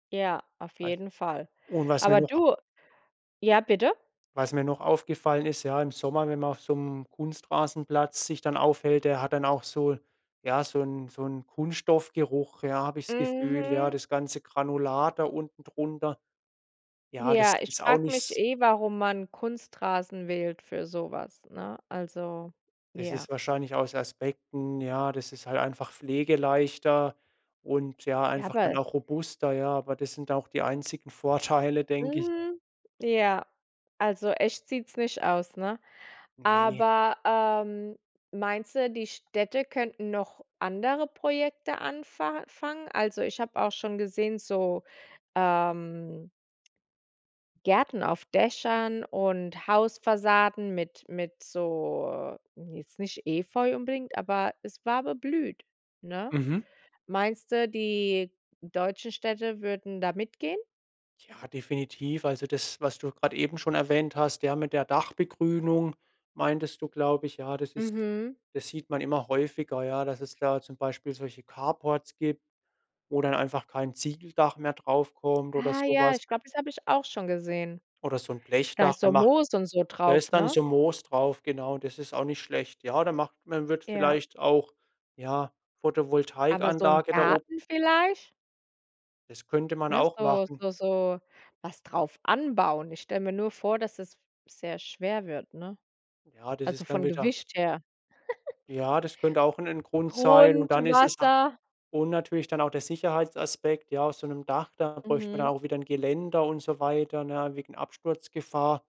Ja, auf Was jeden Fall. und was mir Aber noch a du ja bitte? Was mir noch aufgefallen ist, ja, im Sommer, wenn man auf so 'nem Kunstrasenplatz sich dann aufhält, der hat dann auch so ja so 'n so 'n Kunststoffgeruch, ja, habe ich das Gefühl, ja, Mhm. das ganze Granulat da unten drunter. Ja, das Ja, ich ist auch frage nicht mich s eh, warum man Kunstrasen wählt für so was, ne? Also, Das ja. ist wahrscheinlich aus Aspekten ja, das ist halt einfach pflegeleichter und ja, Ja, einfach dann bal auch robuster, ja. Aber das sind auch die einzigen Vorteile, denke ich. Hm, ja. Also echt sieht's nicht aus, ne? Ne. Aber, ähm, meinst du, die Städte könnten noch andere Projekte anfa fangen? Also, ich habe auch schon gesehen, so, ähm Gärten auf Dächern und Hausfassaden mit mit so, jetzt nicht Efeu unbedingt, aber es war beblüht, ne? Mhm. Meinst du, die deutschen Städte würden da mitgehen? Ja, definitiv. Also das, was du grad eben schon erwähnt hast, ja mit der Dachbegrünung meintest du, glaube ich, ja, das ist Mhm. das sieht man immer häufiger, ja, dass es da zum Beispiel solche Carports gibt, wo dann einfach kein Ziegeldach mehr drauf kommt oder Ah so ja, was. ich glaube, das habe ich auch schon gesehen. Oder so 'n Da Blechdach, ist da so macht Moos und so da drauf, ist dann ne? so Moos drauf, genau. Das ist auch nicht schlecht. Ja, da macht man wird Ja. vielleicht auch, ja, Aber so 'n Photovoltaikanlage da ob Garten vielleicht? das könnte man Ne, auch so machen. so so, was drauf anbauen. Ich stelle mir nur vor, dass es sehr f schwer wird, ne? Ja, das Also ist dann von wieder Gewicht her. Ja, das könnte auch 'n 'n Grund sein und dann ist es na Grundwasser. und natürlich dann auch der Sicherheitsaspekt. Ja, auf so 'nem Dach, da bräuchten wir dann Mhm. auch wieder 'n Geländer und so weiter, ne, wegen Absturzgefahr.